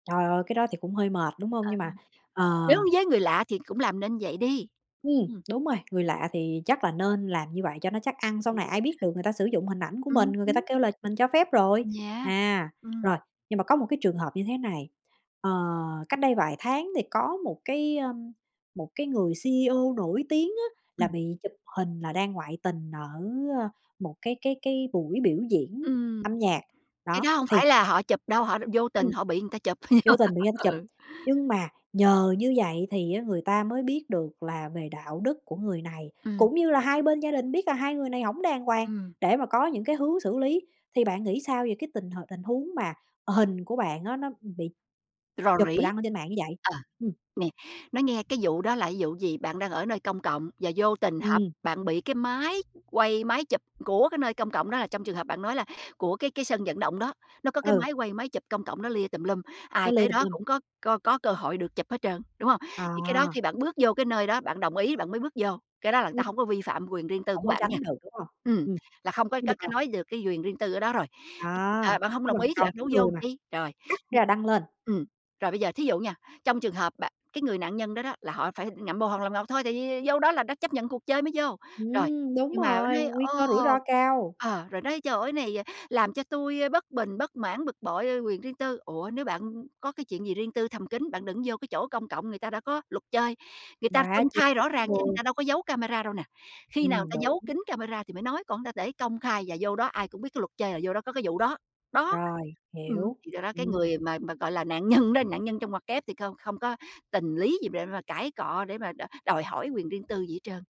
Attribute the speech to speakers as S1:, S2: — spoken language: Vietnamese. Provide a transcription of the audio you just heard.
S1: Trời ơi, cái đó thì cũng hơi mệt, đúng hông?
S2: Ờ,
S1: Nhưng mà
S2: ừm. Nếu
S1: ờ.
S2: với người lạ thì cũng làm nên vậy đi.
S1: Ừm,
S2: Ừm.
S1: đúng rồi, người lạ thì chắc là nên làm như vậy cho nó chắc ăn, sau này ai biết
S2: [unintelligible]
S1: được người ta sử dụng hình ảnh của mình,
S2: Ừm
S1: người người ta
S2: hứm.
S1: kêu là mình cho phép rồi.
S2: Yeah,
S1: À,
S2: ừm.
S1: rồi, nhưng mà có một cái trường hợp như thế này, ờ, cách đây vài tháng thì có một cái, ơ, một cái người CEO nổi tiếng á là
S2: Ừm.
S1: bị chụp hình là đang ngoại tình ở, ơ, một cái cái cái buổi biểu diễn
S2: Ừm.
S1: âm nhạc,
S2: Cái
S1: đó,
S2: đó hông
S1: thì
S2: phải là họ chụp đâu, họ đ vô
S1: Ừm,
S2: tình họ bị người ta chụp.
S1: vô tình bị ảnh chụp,
S2: Ừ.
S1: nhưng mà nhờ như vậy thì á người ta mới biết được là về đạo đức của người này,
S2: Ừm.
S1: cũng như là hai bên gia đình biết là hai người này hổng đàng hoàng
S2: Ừm.
S1: để mà có những cái hướng xử lý. Thì bạn nghĩ sao về cái tình h tình huống mà, ờ, hình của bạn á, nó, ừm, bị
S2: Rò
S1: chụp rồi
S2: rỉ.
S1: đăng ở trên mạng như vậy?
S2: Ờ,
S1: Ừm.
S2: nè, nói nghe cái vụ đó là vụ gì? Bạn đang ở nơi công cộng và vô tình họp
S1: Ừm.
S2: bạn bị cái máy quay, máy chụp của cái nơi công cộng, đó là trong trường hợp bạn nói là của cái cái sân vận động đó, nó có cái
S1: Ừ.
S2: máy quay, máy chụp công cộng đó lia tùm lum,
S1: Nó
S2: ai
S1: lia
S2: tới
S1: tùm
S2: đó
S1: lum.
S2: cũng có có có cơ hội được chụp hết trơn, đúng hông? Thì cái đó
S1: À.
S2: khi bạn bước vô cái nơi đó, bạn đồng ý bạn mới bước vô, cái đó là
S1: Ừm.
S2: ta hông có vi phạm quyền riêng tư
S1: Hổng
S2: của
S1: có
S2: bạn á nha.
S1: tránh được, đúng hông?
S2: Ừm,
S1: Ừm.
S2: là không có có có
S1: [unintelligible]
S2: nói được cái quyền riêng tư ở đó rồi.
S1: Đó,
S2: Ờ, bạn hông
S1: nhưng
S2: đồng
S1: mà
S2: ý thì
S1: còn
S2: bạn
S1: cái
S2: đâu
S1: người
S2: vô
S1: mà
S2: chi, rồi.
S1: cắt
S2: [unintelligible]
S1: ra, đăng lên.
S2: Ừm. Rồi bây giờ thí dụ nha, trong trường hợp bạn cái người nạn nhân đó đó là họ phải ngậm bồ làm ngọt thôi, tại vì vô đó là đã chấp nhận cuộc chơi mới vô. Rồi.
S1: Ừm, đúng
S2: Nhưng mà
S1: rồi,
S2: nói,
S1: nguy
S2: ồ
S1: cơ rủi ro cao.
S2: ờ, rồi nói: "Trời ơi! Này, ờ, làm cho tui, a, bất bình, bất mãn, bực bội, a, quyền riêng tư." Ủa, nếu bạn có cái chuyện gì riêng tư thầm kín, bạn đừng vô cái chỗ công cộng, người ta đã có luật chơi, người ta
S1: Quá
S2: công
S1: chi
S2: khai rõ
S1: [unintelligible] đúng
S2: ràng chứ người
S1: rồi.
S2: ta đâu có giấu camera đâu nè. Khi nào
S1: Ừm,
S2: ta giấu
S1: đúng.
S2: kín camera thì mới nói, còn ta để công khai và vô đó ai cũng biết cái luật chơi là vô đó có cái vụ đó. Đó.
S1: Rồi,
S2: Ừm,
S1: hiểu,
S2: thì do đó cái
S1: ừm.
S2: người mà mà gọi là nạn nhân đó, nạn nhân trong ngoặc kép thì không không có tình lý gì để mà cãi cọ, để mà đò đòi hỏi quyền riêng tư gì hết trơn.